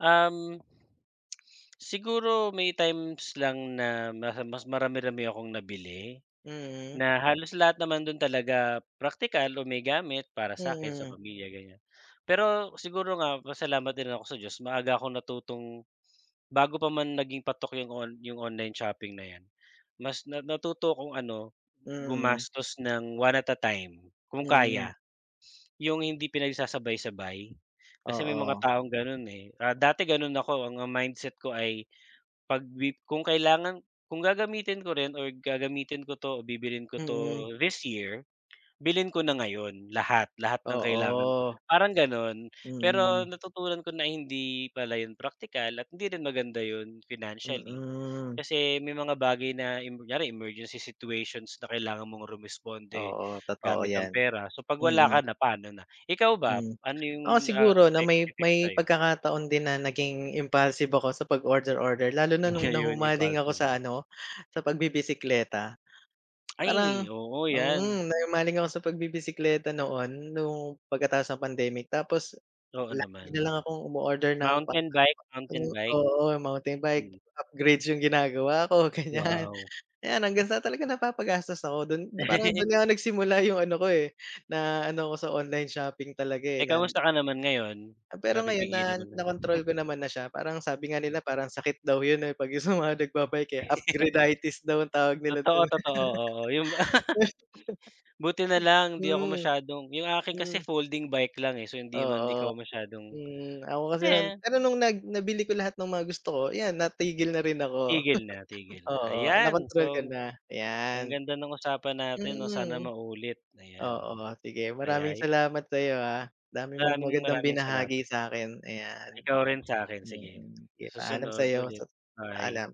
Uhm, siguro may times lang na mas mas marami-rami akong nabili. Mhm. Na halos lahat naman dun talaga praktikal o may gamit para sa'kin, sa Mhm. pamilya ganyan. Pero siguro nga pasalamat din ako sa Diyos maaga akong natutong bago pa man naging patok 'yung on 'yung online shopping na 'yan, mas na natuto akong ano Mhm. gumastos ng one at a time, kung Mm. kaya. 'Yung hindi pinagsasabay-sabay, kasi may mga Oo. taong ganun, eh. Ah, dati ganun ako, ang mindset ko ay 'pag lib kung kailangan kung gagamitin ko rin or gagamitin ko 'to o bibilhin ko Mm. 'to this year, bilhin ko na ngayon. Lahat, lahat ng kailangan ko, Oo. parang ganon. Pero Mm. natutunan ko na hindi pala 'yun praktikal at hindi rin maganda 'yun financially. Mm. Kasi may mga bagay na 'yun, kunyari emergency situations na kailangan mong rumesponde Oo, totoo gamit ang yan. pera. So 'pag wala Mm. ka na, pa'no na? Ikaw ba, Hmm, ano ako 'yung, ah, siguro 'no effect may effect may sa'yo? pagkakataon din na naging impulsive ako sa 'pag order-order. Lalo na noong Ayon, nahumaling ako sa impulsive. ano, sa pagbibisikleta. Parang Ay, oo, 'yan. mhm, nahumaling ako sa pagbibisekleta noon, noong pagkatapos ng pandemic. Tapos Oo lagi naman. nalang akong umu-order ng Mountain bike, mountain [unintelligible] bike. oo, mountain bike, Mm. upgrades 'yung ginagawa ko ganyan. Wow! Kaya hanggang sa napapagastos ako doon. Parang doon nga ako nagsimula 'yung ano ko, eh, na ano ko sa online shopping talaga, eh, Eh, na kamusta ka naman ngayon, Ah, pero ngayon napipigilan na, mo na? na kontrol ko naman na siya. Parang sabi nga nila parang sakit daw 'yun, eh, 'pag 'yung sa mga nagbabike, eh. Upgrade-itis daw ang tawag nila Totoo, dun. totoo, oo 'yung ba buti nalang di ako Hmm. masyadong 'yung akin Hmm. kasi folding bike lang, eh, so hindi man Oo, ikaw masyadong hmm. Ako kasi eh. pero nung nag nabili ko lahat ng mga gusto ko iyan, natigil na rin ako, Tigil na tigil na, oo. Na ayan! kontrol ka So, na, ang yan. ganda ng usapan natin 'no, sana Mm. maulit ayan. Oo, sige. Maraming Kaya salamat sa'yo, ah, dami mong Maraming, magandang maraming salamat! binahagi sa'kin, ayan. Ikaw rin sa'kin sige, Mm, sige paalam susunod sa'yo ulit, sa bye. paalam.